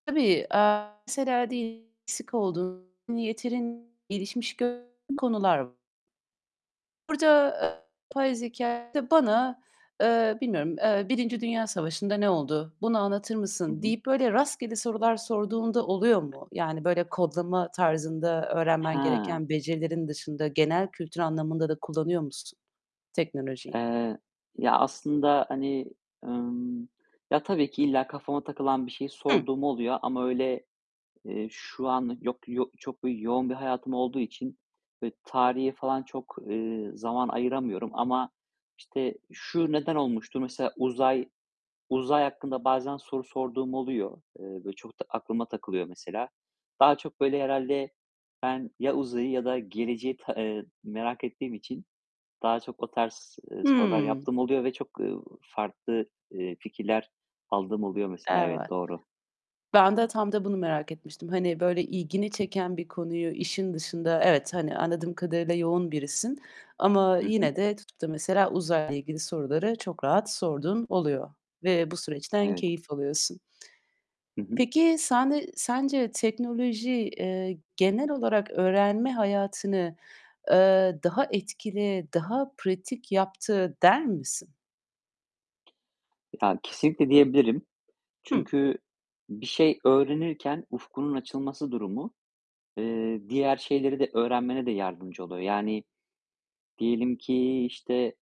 Tabii, eee, mesela diyelim eksik olduğun, yeterin gelişmiş gördüğün konular v Burada, eee, yapay zekâ da bana, eee, bilmiyorum, eee, "Birinci Dünya Savaşı'nda ne oldu? Bunu anlatır Hı mısın?" hı. deyip böyle rastgele sorular sorduğun da oluyor mu? Yani, böyle, kodlama tarzında öğrenmen He! gereken becerilerin dışında genel kültür anlamında da kullanıyor musun teknolojiyi? Eee, ya, aslında, hani, ımm, ya, tabii ki illa kafama takılan bir şeyi Hı. sorduğum oluyor ama, öyle, eee, şu an yok yo çok bi yoğun bir hayatım olduğu için, böyle, tarihe falan çok, eee, zaman ayıramıyorum. Ama, işte, "Şu neden olmuştur?" Mesela uzay uzay hakkında bazen soru sorduğum oluyor. Eee, böyle çok da aklıma takılıyor mesela. Daha çok, böyle, herhâlde ben ya uzayı ya da geleceği ta eee, merak ettiğim için daha çok o tarz, ııı, sorular Hıı. yaptığım oluyor ve çok, eee, farklı, eee, fikirler aldığım oluyor mesela. Evet, Evet. doğru. Ben de tam da bunu merak etmiştim. Hani, böyle, ilgini çeken bir konuyu işin dışında Evet, hani, anladığım kadarıyla yoğun birisin ama Hı hı. yine de tutup da mesela, uzayla ilgili soruları çok rahat sorduğun oluyor ve bu süreçten Evet. keyif alıyorsun. Hı hı. Peki, sende sence teknoloji, eee, genel olarak öğrenme hayatını, eee, daha etkili, daha pratik yaptı der misin? Ya, kesinlikle diyebilirim. Hı. Çünkü bir şey öğrenirken ufkunun açılması durumu, eee, diğer şeyleri de öğrenmene de yardımcı oluyor. Yani, diyelim ki, işte